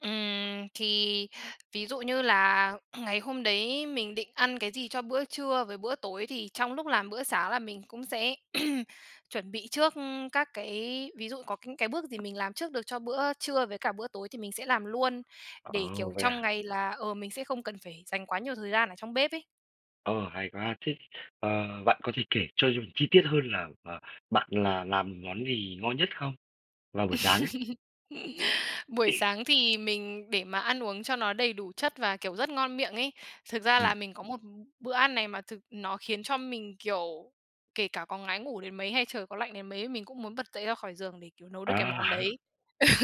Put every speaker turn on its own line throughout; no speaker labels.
Ừm, thì ví dụ như là ngày hôm đấy mình định ăn cái gì cho bữa trưa với bữa tối thì trong lúc làm bữa sáng là mình cũng sẽ chuẩn bị trước các cái ví dụ có những cái bước gì mình làm trước được cho bữa trưa với cả bữa tối thì mình sẽ làm luôn,
Ờ,
để, kiểu,
vậy
trong
à?
ngày là, ờ, mình sẽ không cần phải dành quá nhiều thời gian ở trong bếp ấy.
Ờ, hay quá! Thế, ờ, bạn có thể kể cho giùm chi tiết hơn là, ờ, bạn là làm món gì ngon nhất không? Vào buổi sáng ấy.
Buổi sáng thì mình để mà ăn uống cho nó đầy đủ chất và kiểu rất ngon miệng ấy, thực ra
Ừm.
là mình có một b bữa ăn này mà thực nó khiến cho mình, kiểu, kể cả có ngái ngủ đến mấy hay trời có lạnh đến mấy, mình cũng muốn bật dậy ra khỏi giường để, kiểu, nấu được cái
À.
món đấy.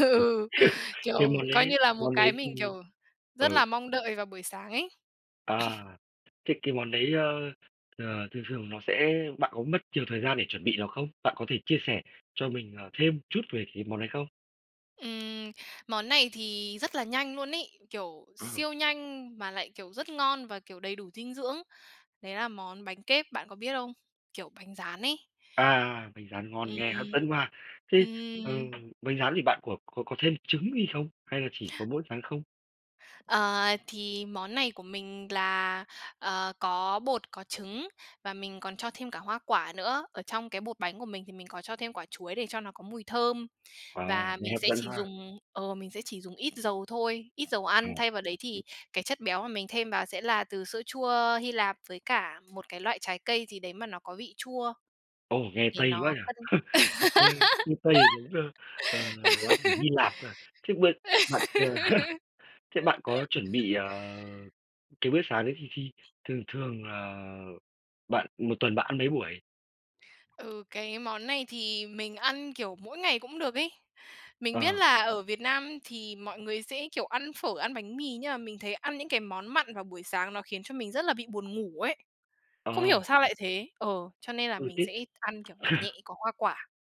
Ừ,
cái
kiểu,
món
coi như
đấy
là một
món
cái
đấy
mình,
thì
kiểu, rất
ừ.
là mong đợi vào buổi sáng ấy.
À. Thế cái món đấy, ơ, ờ, thường thường nó sẽ bạn có mất nhiều thời gian để chuẩn bị nó không? Bạn có thể chia sẻ cho mình, ờ, thêm chút về cái món đấy không?
Ừm, món này thì rất là nhanh luôn ấy, kiểu
Ờ.
siêu nhanh mà lại, kiểu, rất ngon và, kiểu, đầy đủ dinh dưỡng. Đấy là món bánh kếp, bạn có biết không? Kiểu bánh rán ấy.
À, bánh rán ngon,
Ừm,
nghe hấp
ừm,
dẫn quá ha. Thế,
ừm.
ừm, bánh rán thì bạn có có có thêm trứng gì không? Hay là chỉ có mỗi rán không?
Ờ, thì món này của mình là, ờ, có bột, có trứng và mình còn cho thêm cả hoa quả nữa. Ở trong cái bột bánh của mình thì mình có cho thêm quả chuối để cho nó có mùi thơm.
Ờ,
Và
nghe
mình
hấp
sẽ
dẫn
chỉ
ha.
dùng ờ, mình sẽ chỉ dùng ít dầu thôi, ít dầu
Ờ.
ăn, thay vào đấy thì
Ừm.
cái chất béo mà mình thêm vào sẽ là từ sữa chua Hy Lạp với cả một cái loại trái cây gì đấy mà nó có vị chua
Ồ, nghe
để
Tây quá
nó
nhỉ?
cân
Nghe như Tây, giống ơ, ờ, đồ ăn ở Hy Lạp cơ à. Thế bữa bạn, ờ, thế bạn có chuẩn bị, ờ, cái bữa sáng đấy thì khi thường thường, ờ, bạn 1 tuần bạn ăn mấy buổi?
Ừ, cái món này thì mình ăn, kiểu, mỗi ngày cũng được ấy. Mình biết
Ờ.
là ở Việt Nam thì mọi người sẽ kiểu ăn phở, ăn bánh mì nhưng mà mình thấy ăn những cái món mặn vào buổi sáng nó khiến cho mình rất là bị buồn ngủ ấy.
Ờ.
Không hiểu sao lại thế, ờ, cho nên là
Ừ,
mình
thế
sẽ ăn, kiểu, nhẹ nhẹ, có hoa quả.